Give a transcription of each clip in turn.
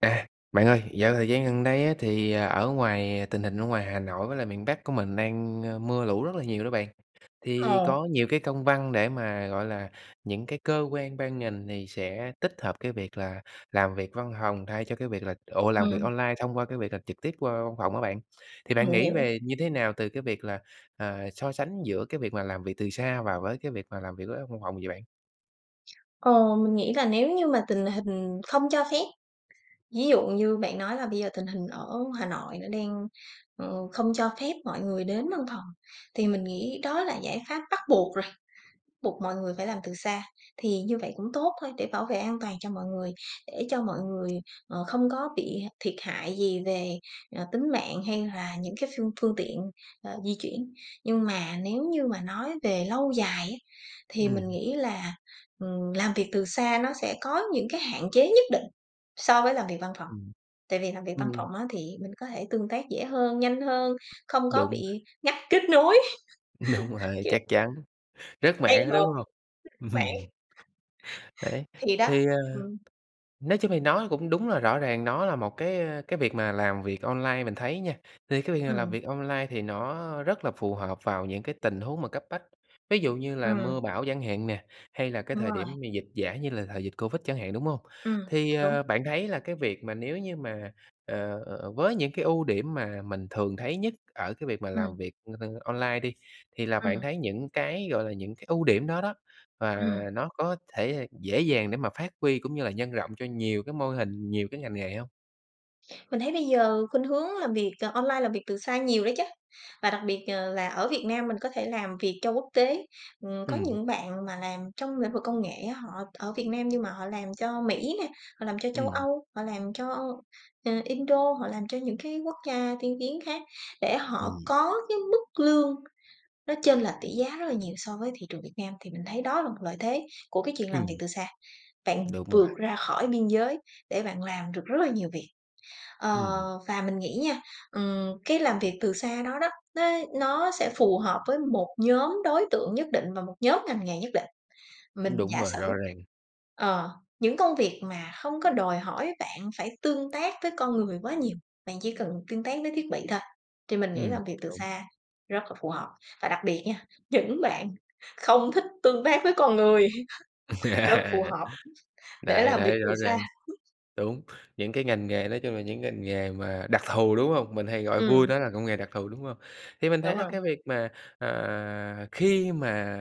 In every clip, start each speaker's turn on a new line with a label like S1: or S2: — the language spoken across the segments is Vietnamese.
S1: À, bạn ơi, dạo thời gian gần đây á thì ở ngoài tình hình ở ngoài Hà Nội với lại miền Bắc của mình đang, ơ, mưa lũ rất là nhiều đó bạn. Thì
S2: Ồ.
S1: có nhiều cái công văn để mà, gọi là, những cái cơ quan ban ngành thì sẽ tích hợp cái việc là làm việc văn phòng thay cho cái việc là ủa, làm việc
S2: Ừm.
S1: online thông qua cái việc làm trực tiếp qua văn phòng á bạn. Thì bạn
S2: Mình
S1: nghĩ
S2: hiểu.
S1: về như thế nào từ cái việc là, ờ, so sánh giữa cái việc mà làm việc từ xa và với cái việc mà làm việc với văn phòng vậy bạn?
S2: Ờ, mình nghĩ là nếu như mà tình hình không cho phép, ví dụ như bạn nói là bây giờ tình hình ở Hà Nội nó đang, ừ, không cho phép mọi người đến văn phòng thì mình nghĩ đó là giải pháp bắt buộc rồi, buộc mọi người phải làm từ xa. Thì như vậy cũng tốt thôi để bảo vệ an toàn cho mọi người, để cho mọi người, ờ, không có bị thiệt hại gì về, ờ, tính mạng hay là những cái phương phương tiện, ờ, di chuyển. Nhưng mà nếu như mà nói về lâu dài á thì mình
S1: Ừm.
S2: nghĩ là, ừm, làm việc từ xa nó sẽ có những cái hạn chế nhất định so với làm việc văn phòng
S1: Ừm.
S2: tại vì làm việc văn
S1: Ừm.
S2: phòng á thì mình có thể tương tác dễ hơn, nhanh hơn, không có
S1: Đúng rồi!
S2: bị ngắt kết nối,
S1: Đúng rồi.
S2: kiểu
S1: Chắc chắn. Rớt
S2: đang
S1: mạng á, đúng
S2: họp
S1: hông?
S2: mạng.
S1: Đấy.
S2: Thì đó.
S1: Thế, ơ,
S2: Ừm.
S1: nói chung thì nó cũng đúng là rõ ràng nó là một cái, ơ, cái việc mà làm việc online mình thấy nha, thì cái việc mà làm
S2: Ừm.
S1: việc online thì nó rất là phù hợp vào những cái tình huống mà cấp bách, ví dụ như là
S2: Ừm.
S1: mưa bão chẳng hạn nè, hay là cái
S2: Đúng
S1: thời
S2: rồi.
S1: điểm mà dịch giả như là thời dịch Covid chẳng hạn, đúng hông?
S2: Ừm.
S1: Thì,
S2: Đúng.
S1: ờ, bạn thấy là cái việc mà nếu như mà, ờ với những cái ưu điểm mà mình thường thấy nhất ở cái việc mà làm
S2: Ừm.
S1: việc, ơ, online đi thì là bạn
S2: Ừm.
S1: thấy những cái, gọi là, những cái ưu điểm đó đó, và
S2: Ừm.
S1: nó có thể dễ dàng để mà phát huy cũng như là nhân rộng cho nhiều cái mô hình, nhiều cái ngành nghề hông?
S2: Mình thấy bây giờ khuynh hướng làm việc, à, online, làm việc từ xa nhiều đó chứ và đặc biệt, ờ, là ở Việt Nam mình có thể làm việc cho quốc tế. Ừm, có
S1: Ừm.
S2: những bạn mà làm trong lĩnh vực công nghệ á, họ ở Việt Nam nhưng mà họ làm cho Mỹ nè, họ làm cho châu
S1: Ừm.
S2: Âu, họ làm cho, ơ, Indo, họ làm cho những cái quốc gia tiên tiến khác để họ
S1: Ừm.
S2: có cái mức lương nó chênh lệch tỷ giá rất là nhiều so với thị trường Việt Nam, thì mình thấy đó là một lợi thế của cái chuyện làm việc
S1: Ừm.
S2: từ xa, bạn
S1: Đúng rồi.
S2: vượt ra khỏi biên giới để bạn làm được rất là nhiều việc. Ờ,
S1: Ừm.
S2: và mình nghĩ nha, ừm, cái làm việc từ xa đó đó, nó nó sẽ phù hợp với một nhóm đối tượng nhất định và một nhóm ngành nghề nhất định. Mình
S1: Đúng
S2: giả
S1: rồi,
S2: sử
S1: rõ ràng.
S2: ờ, những công việc mà không có đòi hỏi bạn phải tương tác với con người quá nhiều, bạn chỉ cần tương tác với thiết bị thôi thì mình nghĩ
S1: Ừm,
S2: làm việc từ
S1: đúng.
S2: xa rất là phù hợp. Và đặc biệt nha, những bạn không thích tương tác với con người rất phù hợp để
S1: Đấy
S2: làm việc
S1: đấy
S2: từ
S1: rõ
S2: xa!
S1: ràng, đúng, những cái ngành nghề nói chung là những ngành nghề mà đặc thù, đúng hông? Mình hay gọi vui
S2: Ừm.
S1: đó là công nghề đặc thù, đúng hông? Thì mình thấy
S2: Đúng
S1: là
S2: rồi.
S1: cái việc mà, à, khi mà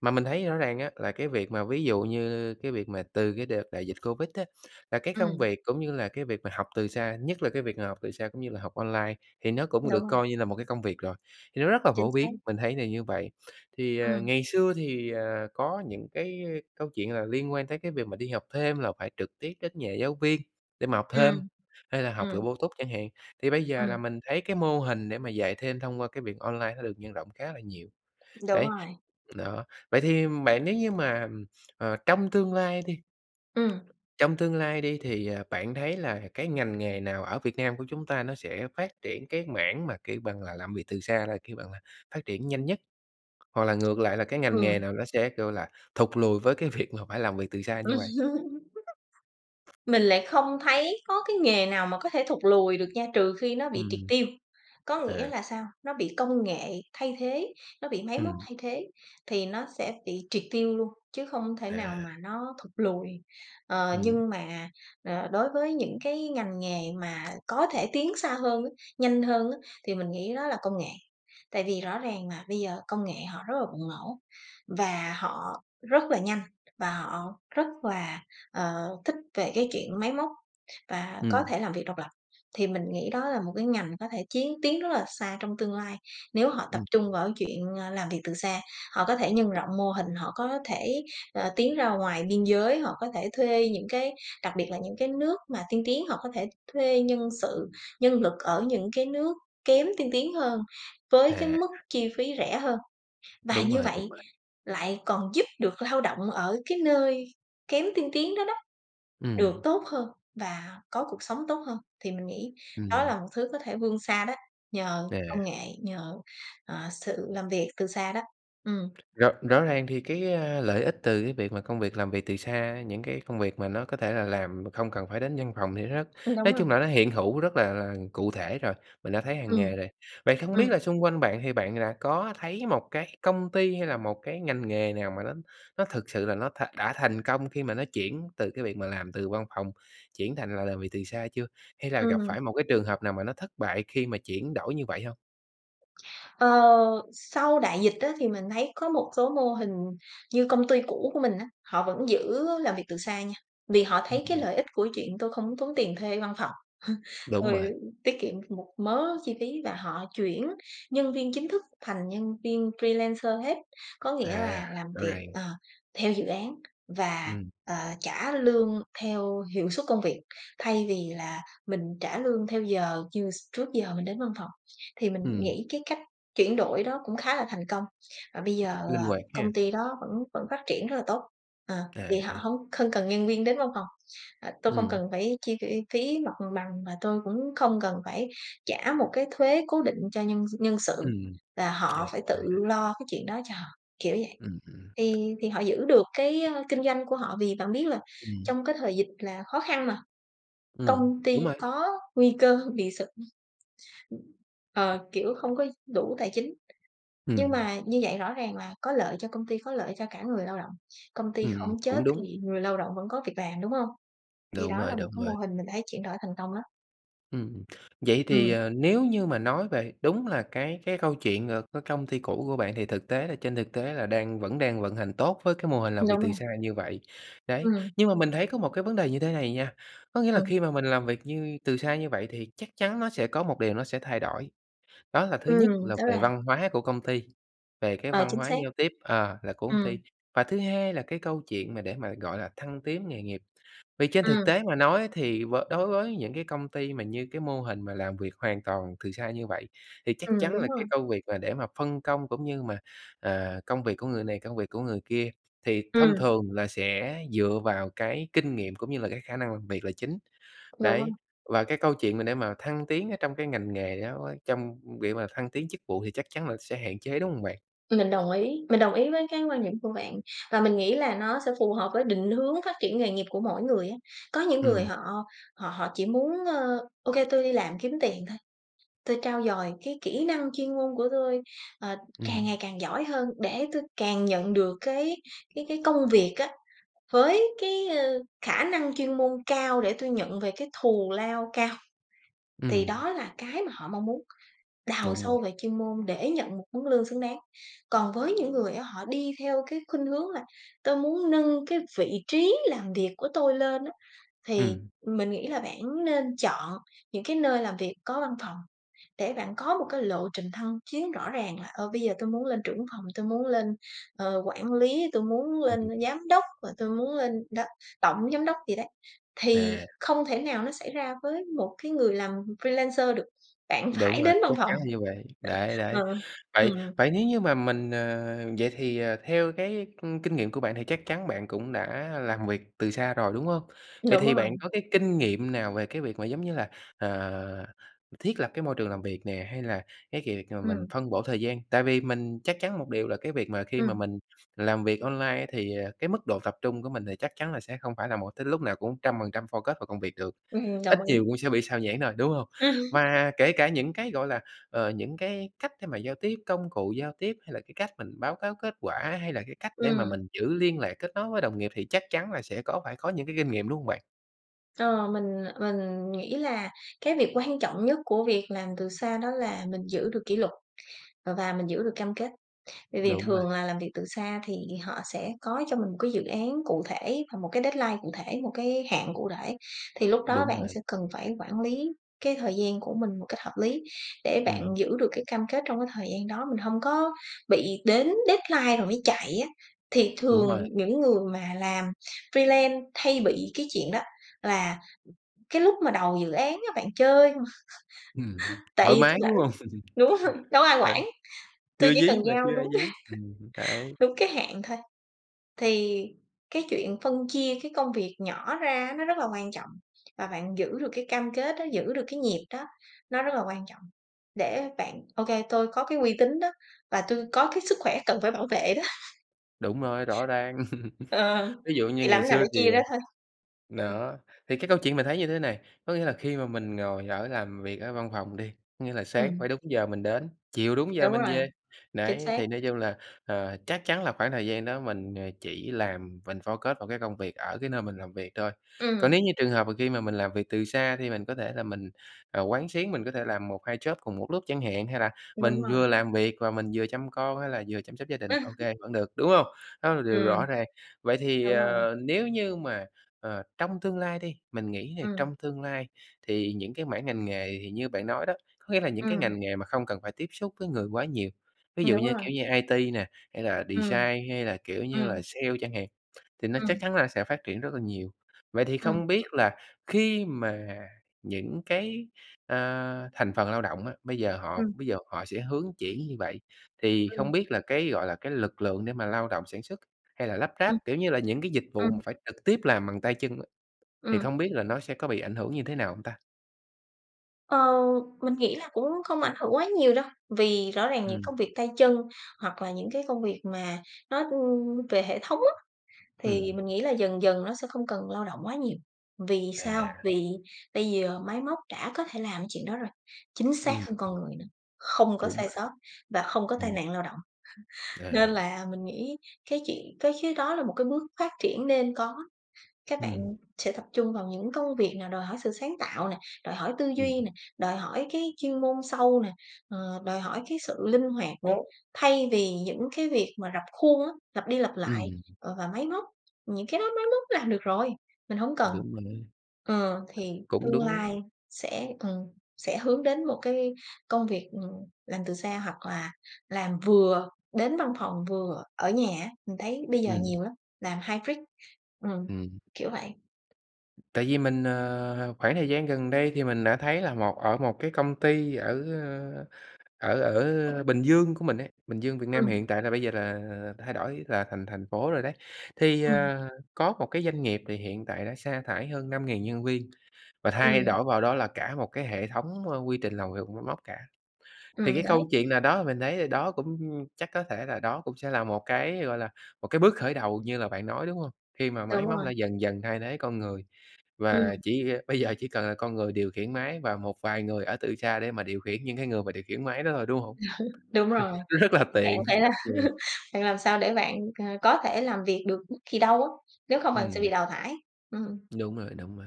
S1: mà mình thấy rõ ràng á, là cái việc mà, ví dụ như cái việc mà từ cái đợt đại dịch Covid á, là cái công
S2: Ừm.
S1: việc cũng như là cái việc mà học từ xa, nhất là cái việc mà học từ xa cũng như là học online, thì nó cũng
S2: Đúng
S1: được
S2: rồi.
S1: coi như là một cái công việc rồi, thì nó rất là
S2: Chính
S1: phổ
S2: xác.
S1: biến, mình thấy là như vậy. Thì, ờ,
S2: Ừm.
S1: ngày xưa thì, ờ, có những cái câu chuyện là liên quan tới cái việc mà đi học thêm là phải trực tiếp đến nhà giáo viên để mà học thêm
S2: Ừm,
S1: hay là học kiểu
S2: ừm.
S1: bổ túc chẳng hạn. Thì bây giờ là
S2: Ừm.
S1: mình thấy cái mô hình để mà dạy thêm thông qua cái việc online nó được nhân rộng khá là nhiều.
S2: Đúng
S1: Đấy
S2: rồi.
S1: đó, vậy thì bạn nếu như mà, ừm, ờ, trong tương lai đi
S2: Ừm.
S1: trong tương lai đi, thì, ờ, bạn thấy là cái ngành nghề nào ở Việt Nam của chúng ta nó sẽ phát triển cái mảng mà, kiểu bằng là, làm việc từ xa là, kêu bằng là, phát triển nhanh nhất, hoặc là ngược lại là cái ngành nghề
S2: Ừm.
S1: nào nó sẽ, kiểu là, thụt lùi với cái việc mà phải làm việc từ xa như vậy?
S2: Mình lại không thấy có cái nghề nào mà có thể thụt lùi được nha, trừ khi nó bị triệt
S1: Ừm.
S2: tiêu. Có nghĩa
S1: À.
S2: là sao? Nó bị công nghệ thay thế, nó bị máy móc
S1: Ừm.
S2: thay thế thì nó sẽ bị triệt tiêu luôn, chứ không thể nào
S1: À.
S2: mà nó thụt lùi. Ờ,
S1: Ừm.
S2: nhưng mà, ờ, đối với những cái ngành nghề mà có thể tiến xa hơn á, nhanh hơn á, thì mình nghĩ đó là công nghệ. Tại vì rõ ràng mà bây giờ công nghệ họ rất là bùng nổ, và họ rất là nhanh, và họ rất là, ờ, thích về cái chuyện máy móc và có
S1: Ừm.
S2: thể làm việc độc lập, thì mình nghĩ đó là một cái ngành có thể chiến tiến rất là xa trong tương lai. Nếu họ tập
S1: Ừm.
S2: trung vào cái chuyện, ờ, làm việc từ xa, họ có thể nhân rộng mô hình, họ có thể, ờ, tiến ra ngoài biên giới, họ có thể thuê những cái đặc biệt là những cái nước mà tiên tiến, họ có thể thuê nhân sự, nhân lực ở những cái nước kém tiên tiến hơn với cái
S1: À.
S2: mức chi phí rẻ hơn. Và
S1: Đúng
S2: như
S1: rồi, đúng
S2: vậy
S1: rồi.
S2: lại còn giúp được lao động ở cái nơi kém tiên tiến đó đó được
S1: Ừm.
S2: tốt hơn và có cuộc sống tốt hơn. Thì mình nghĩ đó
S1: Ừm.
S2: là một thứ có thể vươn xa đó, nhờ
S1: À.
S2: công nghệ, nhờ, ờ, sự làm việc từ xa đó. Ừm.
S1: Rõ rõ ràng thì cái, a, lợi ích từ cái việc mà công việc làm việc từ xa, những cái công việc mà nó có thể là làm mà không cần phải đến văn phòng thì nó
S2: Ừm, đúng
S1: nói
S2: rồi.
S1: chung là nó hiện hữu rất là là cụ thể rồi, mình đã thấy hằng
S2: Ừm.
S1: ngày rồi. Vậy không biết
S2: Ừm.
S1: là xung quanh bạn thì bạn đã có thấy một cái công ty hay là một cái ngành nghề nào mà nó nó thực sự là nó thà đã thành công khi mà nó chuyển từ cái việc mà làm từ văn phòng chuyển thành là làm việc từ xa chưa? Hay là gặp
S2: Ừm.
S1: phải một cái trường hợp nào mà nó thất bại khi mà chuyển đổi như vậy hông?
S2: Ờ, sau đại dịch á thì mình thấy có một số mô hình như công ty cũ của mình á, họ vẫn giữ làm việc từ xa nha, vì họ
S1: Ưm,
S2: thấy cái
S1: ừm.
S2: lợi ích của chuyện: "Tôi không muốn tốn tiền thuê văn phòng,
S1: Đúng
S2: tôi
S1: rồi.
S2: tiết kiệm được một mớ chi phí" và họ chuyển nhân viên chính thức thành nhân viên freelancer hết. Có nghĩa
S1: À.
S2: là làm
S1: Rõ
S2: việc,
S1: ràng.
S2: ờ, theo dự án và,
S1: Ừm.
S2: ờ, trả lương theo hiệu suất công việc, thay vì là mình trả lương theo giờ như s trước giờ mình đến văn phòng. Thì mình
S1: Ừm.
S2: nghĩ cái cách chuyển đổi đó cũng khá là thành công và bây giờ,
S1: Linh
S2: ờ,
S1: hoạt
S2: công
S1: ha!
S2: ty đó vẫn vẫn phát triển rất là tốt. Ờ,
S1: À,
S2: vì họ
S1: à.
S2: hông không cần nhân viên đến văn phòng: "Ờ, tôi không
S1: Ừm.
S2: cần phải chi, ơ, phí mặt bằng và tôi cũng không cần phải trả một cái thuế cố định cho nhân s nhân sự,
S1: Ừm.
S2: là
S1: À,
S2: họ phải
S1: à.
S2: tự lo cái chuyện đó cho họ" kiểu vậy.
S1: Ừm hưm.
S2: Thì thì họ giữ được cái, ơ, kinh doanh của họ, vì bạn biết là
S1: Ừm.
S2: trong cái thời dịch là khó khăn mà,
S1: Ừm,
S2: công ty
S1: đúng rồi.
S2: có nguy cơ bị sụp ờ, kiểu, không có đủ tài chính, nhưng
S1: Ừm.
S2: mà như vậy rõ ràng là có lợi cho công ty, có lợi cho cả người lao động, công ty
S1: Ừm,
S2: không chết
S1: cũng
S2: thì
S1: đúng.
S2: người lao động vẫn có việc làm, đúng hông? Thì
S1: Đúng
S2: đó
S1: rồi,
S2: là một
S1: đúng
S2: cái mô
S1: rồi.
S2: hình mình thấy chuyển đổi thành công lắm.
S1: Ừm. Vậy thì,
S2: Ừm.
S1: ờ, nếu như mà nói về đúng là cái cái câu chuyện, ờ, cái công ty cũ của bạn, thì thực tế là trên thực tế là đang vẫn đang vận hành tốt với cái mô hình làm
S2: Đúng
S1: việc
S2: rồi.
S1: từ xa như vậy. Đấy,
S2: Ừm.
S1: nhưng mà mình thấy có một cái vấn đề như thế này nha, có nghĩa là
S2: Ừm.
S1: khi mà mình làm việc như từ xa như vậy thì chắc chắn nó sẽ có một điều nó sẽ thay đổi. Đó là thứ nhất
S2: Ừm,
S1: là
S2: đó
S1: về
S2: là
S1: văn hóa của công ty, về cái
S2: Ờ,
S1: văn
S2: chính
S1: hóa
S2: xác.
S1: giao tiếp ờ, là của công
S2: Ừm.
S1: ty, và thứ hai là cái câu chuyện mà để mà gọi là thăng tiến nghề nghiệp. Vì trên thực
S2: Ừm.
S1: tế mà nói thì với đối với những cái công ty mà như cái mô hình mà làm việc hoàn toàn từ xa như vậy, thì chắc
S2: Ừm,
S1: chắn
S2: đúng
S1: là
S2: rồi.
S1: cái công việc mà để mà phân công cũng như mà, à, công việc của người này, công việc của người kia thì thông
S2: Ừm.
S1: thường là sẽ dựa vào cái kinh nghiệm cũng như là cái khả năng làm việc là chính.
S2: Dạ
S1: Đấy,
S2: vâng.
S1: và cái câu chuyện mà để mà thăng tiến ở trong cái ngành nghề đó quá trong việc mà thăng tiến chức vụ thì chắc chắn là sẽ hạn chế, đúng hông bạn?
S2: Mình đồng ý, mình đồng ý với cái quan điểm của bạn, và mình nghĩ là nó sẽ phù hợp với định hướng phát triển nghề nghiệp của mỗi người á. Có những người
S1: Ừm.
S2: họ họ họ chỉ muốn, ơ: "Ô kê, tôi đi làm kiếm tiền thôi, tôi trau dồi cái kỹ năng chuyên môn của tôi, ờ, càng
S1: Ừm.
S2: ngày càng giỏi hơn để tôi càng nhận được cái cái cái công việc á, với cái, ơ, khả năng chuyên môn cao để tôi nhận về cái thù lao cao." Thì
S1: Ừm.
S2: đó là cái mà họ mong muốn đào
S1: Đúng
S2: sâu
S1: rồi.
S2: về chuyên môn để nhận một mức lương xứng đáng. Còn với những người á, họ đi theo cái khuynh hướng là "Tôi muốn nâng cái vị trí làm việc của tôi lên á" thì
S1: Ừm.
S2: mình nghĩ là bản nên chọn những cái nơi làm việc có văn phòng để bạn có một cái lộ trình thăng chiến rõ ràng là "Ờ, bây giờ tôi muốn lên trưởng văn phòng, tôi muốn lên, ờ, quản lý, tôi muốn
S1: Ừm,
S2: lên
S1: ừm.
S2: giám đốc, và tôi muốn lên đó, tổng giám đốc" gì đấy, thì
S1: À.
S2: không thể nào nó xảy ra với một cái người làm freelancer được, bạn
S1: Đúng
S2: phải
S1: rồi,
S2: đến văn
S1: chắc
S2: phòng.
S1: chắn là như vậy, đấy,
S2: Ờ,
S1: đấy.
S2: ừm.
S1: Vậy vậy nếu như mà mình, ờ, vậy thì, ờ, theo cái, ưm, kinh nghiệm của bạn thì chắc chắn bạn cũng đã làm việc từ xa rồi, đúng hông? Vậy
S2: Đúng
S1: thì
S2: rồi.
S1: bạn có cái kinh nghiệm nào về cái việc mà, giống như là, ờ, thiết lập cái môi trường làm việc nè, hay là cái kiệt mà mình
S2: Ừm.
S1: phân bổ thời gian, tại vì mình chắc chắn một điều là cái việc mà khi mà
S2: Ừm.
S1: mình làm việc online thì, ờ, cái mức độ tập trung của mình thì chắc chắn là sẽ không phải là một tới lúc nào cũng trăm phần trăm focus vào công việc được,
S2: Ừm,
S1: ít
S2: đồng ý.
S1: nhiều cũng sẽ bị sao nhãng thôi, đúng hông?
S2: Ừm.
S1: Và kể cả những cái, gọi là, ờ, những cái cách để mà giao tiếp, công cụ giao tiếp hay là cái cách mình báo cáo kết quả, hay là cái cách để mà
S2: Ừm.
S1: mình giữ liên lạc, kết nối với đồng nghiệp thì chắc chắn là sẽ có, phải có những cái kinh nghiệm, đúng hông bạn?
S2: Ờ, mình mình nghĩ là cái việc quan trọng nhất của việc làm từ xa đó là mình giữ được kỷ luật, ờ, và mình giữ được cam kết. Bởi vì
S1: Đúng bạn.
S2: thường là làm việc từ xa thì họ sẽ có cho mình một cái dự án cụ thể và một cái deadline cụ thể, một cái hạn cụ thể. Thì lúc đó
S1: Đúng
S2: bạn
S1: rồi.
S2: sẽ cần phải quản lý cái thời gian của mình một cách hợp lý để bạn
S1: Ừm.
S2: giữ được cái cam kết trong cái thời gian đó, mình hông có bị đến deadline rồi mới chạy á. Thì
S1: Đúng
S2: thường
S1: rồi.
S2: những người mà làm freelance hay bị cái chuyện đó, là cái lúc mà đầu dự án á, bạn chơi không:
S1: Ừm,
S2: "Tại
S1: thoải
S2: vì
S1: mái,
S2: tui rảnh,
S1: đúng hông?
S2: đúng hông? Đâu có ai
S1: Ừ,
S2: quản, tui
S1: chưa
S2: chỉ cần
S1: dí mà,
S2: giao
S1: chưa ai
S2: đúng
S1: dí, ừm, đấy.
S2: đúng cái hạn thôi" thì cái chuyện phân chia cái công việc nhỏ ra á, nó rất là quan trọng, và bạn giữ được cái cam kết đó, giữ được cái nhịp đó nó rất là quan trọng, để bạn: "Ô kê, tôi có cái uy tín đó, và tui có cái sức khỏe cần phải bảo vệ đó."
S1: Đúng rồi, rõ ràng.
S2: Ờ,
S1: Ví dụ
S2: thì
S1: như
S2: làm
S1: ngày
S2: thế nào để
S1: xưa thì,
S2: chia ra
S1: ờ
S2: thôi. Ừm.
S1: đó, thì cái câu chuyện mình thấy như thế này, có nghĩa là khi mà mình ngồi ở làm việc ở văn phòng đi, có nghĩa là sáng phải
S2: Ừm.
S1: đúng giờ mình đến, chiều đúng giờ
S2: Đúng
S1: mình
S2: rồi,
S1: về.
S2: chính
S1: Đấy,
S2: xác.
S1: thì nói chung là, ờ, chắc chắn là khoảng thời gian đó mình, ờ, chỉ làm mình focus vào cái công việc ở cái nơi mình làm việc thôi. Còn
S2: Ừm.
S1: nếu như trường hợp mà khi mà mình làm việc từ xa thì mình có thể là mình, ờ, quán xuyến, mình có thể làm 1-2 job cùng một lúc chẳng hạn hay là
S2: Đúng
S1: mình
S2: rồi.
S1: vừa làm việc và mình vừa chăm con hay là vừa chăm sóc gia đình, ô kê vẫn được, đúng hông? Đó là điều
S2: Ừm.
S1: rõ ràng. Vậy thì,
S2: Đúng rồi.
S1: ờ, nếu như mà, ờ, trong tương lai đi, mình nghĩ nè,
S2: Ừm.
S1: trong tương lai thì những cái mảng ngành nghề thì như bạn nói đó, có nghĩa là những cái
S2: Ừm.
S1: ngành nghề mà không cần phải tiếp xúc với người quá nhiều, ví
S2: Ừm,
S1: dụ
S2: đúng
S1: như
S2: rồi.
S1: kiểu như IT nè, hay là
S2: Ừm.
S1: design hay là kiểu như là
S2: Ừm.
S1: sale chẳng hạn, thì nó chắc
S2: Ừm.
S1: chắn là sẽ phát triển rất là nhiều. Vậy thì
S2: Ừm.
S1: không biết là khi mà những cái, à, thành phần lao động á, bây giờ họ
S2: Ừm.
S1: bây giờ họ sẽ hướng chuyển như vậy, thì không
S2: Ừm.
S1: biết là cái, gọi là, cái lực lượng để mà lao động sản xuất hay là lắp
S2: Ừm.
S1: ráp, kiểu như là, những cái dịch vụ mà
S2: Ừm.
S1: phải trực tiếp làm bằng tay chân á, thì
S2: Ừm.
S1: không biết là nó sẽ có bị ảnh hưởng như thế nào hông ta?
S2: Ờ, mình nghĩ là cũng không ảnh hưởng quá nhiều đâu, vì rõ ràng những
S1: Ừm.
S2: công việc tay chân hoặc là những cái công việc mà nó, ưm, về hệ thống á, thì
S1: Ừm.
S2: mình nghĩ là dần dần nó sẽ không cần lao động quá nhiều, vì sao?
S1: À.
S2: Vì bây giờ máy móc đã có thể làm cái chuyện đó rồi, chính xác
S1: Ừm.
S2: hơn con người nữa, không có
S1: Đúng
S2: sai
S1: bạn,
S2: sót và không có tai
S1: ừm.
S2: nạn lao động. Nên
S1: À.
S2: là mình nghĩ cái chuyện cái chứ có là một cái bước phát triển nên có. Các
S1: Ừm.
S2: bạn sẽ tập trung vào những công việc nào đòi hỏi sự sáng tạo nè, đòi hỏi tư duy
S1: Ừm.
S2: nè, đòi hỏi cái chuyên môn sâu nè, ờ, đòi hỏi cái sự linh hoạt nè,
S1: Ố.
S2: thay vì những cái việc mà rập khuôn á, lặp đi lặp lại,
S1: Ừm.
S2: ờ, và máy móc, những cái đó máy móc làm được rồi, mình hổng cần.
S1: Đúng rồi đấy,
S2: Ờ, thì
S1: cũng
S2: tương
S1: đúng lắm.
S2: lai sẽ ừm, sẽ hướng đến một cái công việc, ừm, làm từ xa hoặc là làm vừa đến văn phòng vừa ở nhà á, mình thấy bây giờ
S1: Ừm.
S2: nhiều lắm, làm hybrid, ừm,
S1: Ừm.
S2: kiểu vậy.
S1: Tại vì mình ờ, khoảng thời gian gần đây thì mình đã thấy là một ở một cái công ty ở, a, ở ở Bình Dương của mình ấy, Bình Dương, Việt Nam
S2: Ừm.
S1: hiện tại là bây giờ là thay đổi là thành thành phố rồi đấy. Thì,
S2: Ừm.
S1: ờ, có một cái doanh nghiệp thì hiện tại đã sa thải hơn 5.000 nhân viên và thay
S2: Ừm.
S1: đổi vào đó là cả một cái hệ thống, ơ, quy trình làm việc bằng máy móc cả. Thì
S2: Ừm,
S1: cái câu
S2: đấy.
S1: chuyện nào đó mình thấy thì đó cũng chắc có thể là đó cũng sẽ là một cái, gọi là, một cái bước khởi đầu như là bạn nói, đúng hông? Khi mà máy
S2: Đúng
S1: móc
S2: rồi.
S1: đã dần dần thay thế con người. Và
S2: Ừm.
S1: chỉ, a bây giờ chỉ cần là con người điều khiển máy và một vài người ở từ xa để mà điều khiển những cái người mà điều khiển máy đó thôi, đúng hông?
S2: Đúng rồi,
S1: Rất là
S2: vậy thì bạn
S1: tiện
S2: phải là
S1: rất nhiều.
S2: bạn làm sao để bạn, ờ, có thể làm việc được bất kỳ đâu á, nếu không bạn sẽ bị
S1: Ừm.
S2: đào thải, ừm.
S1: Đúng rồi, đúng rồi.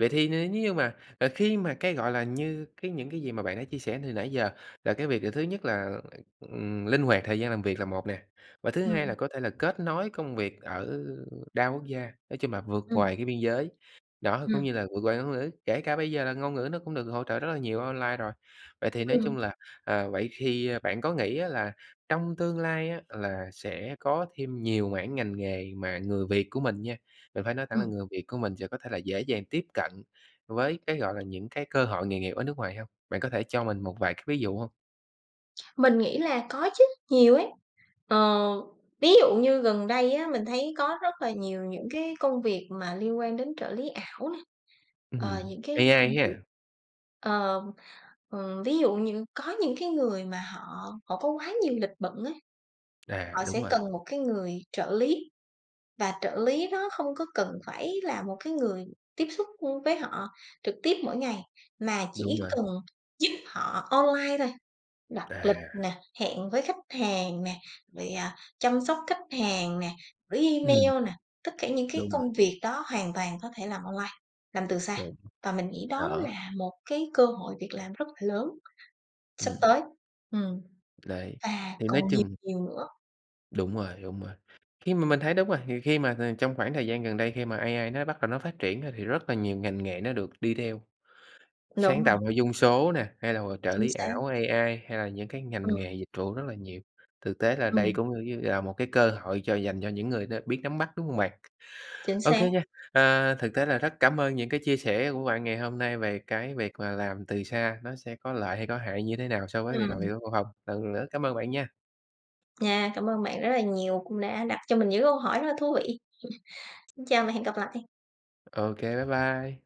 S1: Vậy thì nêu nếu như mà à, khi mà cái, gọi là, như cái những cái gì mà bạn đã chia sẻ từ nãy giờ là cái việc, à, thứ nhất là, ừm, linh hoạt thời gian làm việc là một nè. Và thứ hai là
S2: Ừm.
S1: có thể là kết nối công việc ở đa quốc gia, nói chung là vượt
S2: Ừm.
S1: ngoài cái biên giới, đó, cũng
S2: Ừm.
S1: như là vượt qua ngôn ngữ, kể cả bây giờ là ngôn ngữ nó cũng được hỗ trợ rất là nhiều online rồi. Vậy thì nói chung
S2: Ừm.
S1: là, ờ, vậy thì bạn có nghĩ á là trong tương lai á là sẽ có thêm nhiều mảng ngành nghề mà người Việt của mình nha, mình phải nói thẳng là
S2: Ừm.
S1: người Việt của mình sẽ có thể là dễ dàng tiếp cận với cái, gọi là, những cái cơ hội nghề nghiệp ở nước ngoài hông? Bạn có thể cho mình một vài cái ví dụ hông?
S2: Mình nghĩ là có chứ, nhiều ấy. Ờ, ví dụ như gần đây á mình thấy có rất là nhiều những cái công việc mà liên quan đến trợ lý ảo nè, ờ,
S1: Ừm,
S2: những cái
S1: AI
S2: công việc
S1: ha?
S2: ờ, ờ, ví dụ như có những cái người mà họ họ có quá nhiều lịch bận ấy,
S1: À,
S2: họ
S1: đúng
S2: sẽ
S1: rồi.
S2: cần một cái người trợ lý và trợ lý nó không có cần phải là một cái người tiếp xúc, ưm, với họ trực tiếp mỗi ngày, mà
S1: Đúng
S2: chỉ
S1: bạn.
S2: cần giúp họ online thôi, đặt lịch
S1: À.
S2: nè, hẹn với khách hàng nè, rồi, à, chăm sóc khách hàng nè, gửi
S1: Ừm.
S2: email nè, tất cả những cái
S1: Đúng rồi.
S2: công việc đó hoàn toàn có thể làm online, làm từ xa.
S1: Đúng,
S2: Và mình nghĩ đó
S1: rõ.
S2: là một cái cơ hội việc làm rất là lớn sắp
S1: Ừm.
S2: tới, ừm,
S1: Đấy,
S2: và
S1: thì nói
S2: còn nhiều
S1: chung
S2: nhiều nữa.
S1: Đúng rồi, đúng rồi. Khi mà mình thấy đúng rồi, thì khi mà th trong khoảng thời gian gần đây khi mà AI nó bắt đầu nó phát triển á thì rất là nhiều ngành nghề nó được đi theo.
S2: Đúng
S1: Sáng
S2: rồi.
S1: tạo nội dung số nè, hay là h trợ
S2: Chính
S1: lý
S2: xác.
S1: ảo AI, hay là những cái ngành
S2: Ừm.
S1: nghề dịch vụ rất là nhiều. Thực tế là đây
S2: Ừm.
S1: cũng như cũng như là một cái cơ hội cho dành cho những người đ biết nắm bắt, đúng hông bạn?
S2: Chính
S1: Ô
S2: xác.
S1: kê nha, à, thực tế là rất cảm ơn những cái chia sẻ của bạn ngày hôm nay về cái việc là làm từ xa, nó sẽ có lợi hay có hại như thế nào so với việc làm việc
S2: Ừm.
S1: ở văn phòng. Lần nữa cảm ơn bạn nha.
S2: Nha. Cảm ơn bạn rất là nhiều cũng đã đặt cho mình những câu hỏi rất là thú vị. Xin chào và hẹn gặp lại.
S1: Ô kê, bye bye.